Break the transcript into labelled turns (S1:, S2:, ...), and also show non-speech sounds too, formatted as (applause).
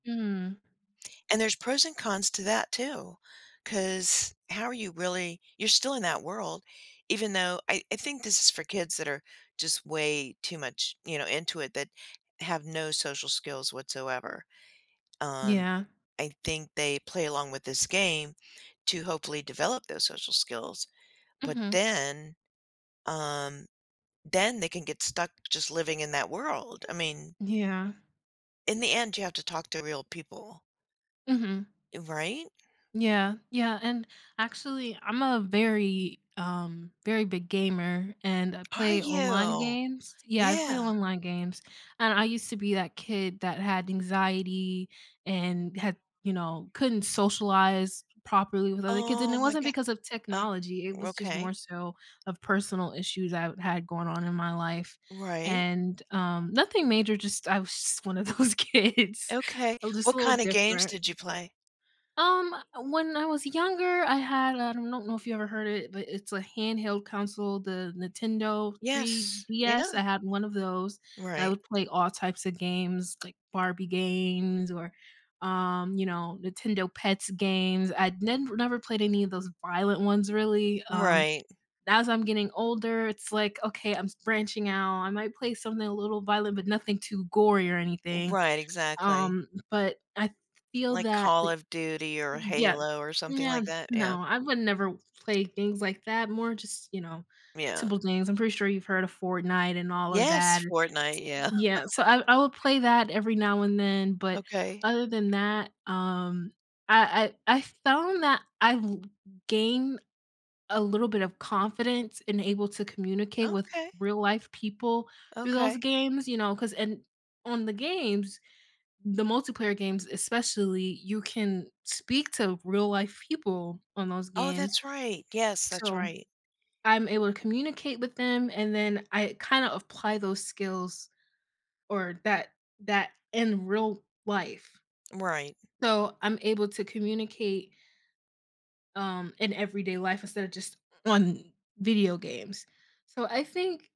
S1: Mhm.
S2: And there's pros and cons to that too 'cause how are you really you're still in that world even though I I think this is for kids that are just way too much, you know, into it that have no social skills whatsoever, um,
S1: Yeah.
S2: I think they play along with this game to hopefully develop those social skills, but
S1: Mhm.
S2: then um, then they can get stuck just living in that world I mean
S1: Yeah.
S2: in the end, you have to talk to real people.
S1: Mhm.
S2: Right?
S1: Yeah yeah, and actually I'm a very, um, very big gamer, and I
S2: Are
S1: play online
S2: you?
S1: games Yeah, I play
S2: Yeah.
S1: online games, and I used to be that kid that had anxiety, and had, you know, couldn't socialize properly with other kids, and it
S2: Oh my
S1: wasn't
S2: go
S1: because of
S2: uh,
S1: technology, it
S2: r
S1: was just
S2: okay.
S1: more so, of personal issues I've had going on in my life,
S2: Right.
S1: and, um nothing major, just I was just 1 of those kids,
S2: Okay.
S1: uh, just a
S2: What
S1: little
S2: kinda games
S1: different.
S2: did you play?
S1: Um, when I was younger I had a don't know if you ever heard it, but it's a handheld console, the Nintendo three
S2: Yes,
S1: D-S.
S2: yeah.
S1: I had 1 of those, and I
S2: Right.
S1: would play all types of games, like, Barbie games, or, um, you know, Nintendo Pets games, I'd nin never played any of those violent ones really, um,
S2: Right.
S1: as I'm getting older, it's, like, okay, I'm s branching out, I might play something a little violent, but nothing too gory or anything,
S2: Right, exactly.
S1: um, but I feel
S2: Like,
S1: that
S2: Call
S1: the
S2: of Duty or
S1: yeah,
S2: Halo or something
S1: no
S2: like that, yeah.
S1: no, I would never play things, like, that, more just, you know,
S2: Yeah.
S1: simple things, I'm pretty sure you've heard of Fortnite, and all of that,
S2: Yes,
S1: s
S2: Fortnite, yeah.
S1: yeah,
S2: (laughs)
S1: so I I would play that every now, and then, but
S2: Okay.
S1: other than that um, I I I found that I've li gained a little bit of confidence, and able to communicate with
S2: Okay.
S1: real life people through those
S2: Okay.
S1: games, you know, 'cause and on the games the multiplayer games, especially, you can speak to real life people on those
S2: Oh,
S1: games,
S2: that's right, yes, that's
S1: so,
S2: right.
S1: I'm able to communicate with them, and then I kinda apply those skills, or that that in real life,
S2: Right.
S1: so, I'm able to communicate um, in everyday life instead of just on video games, so I think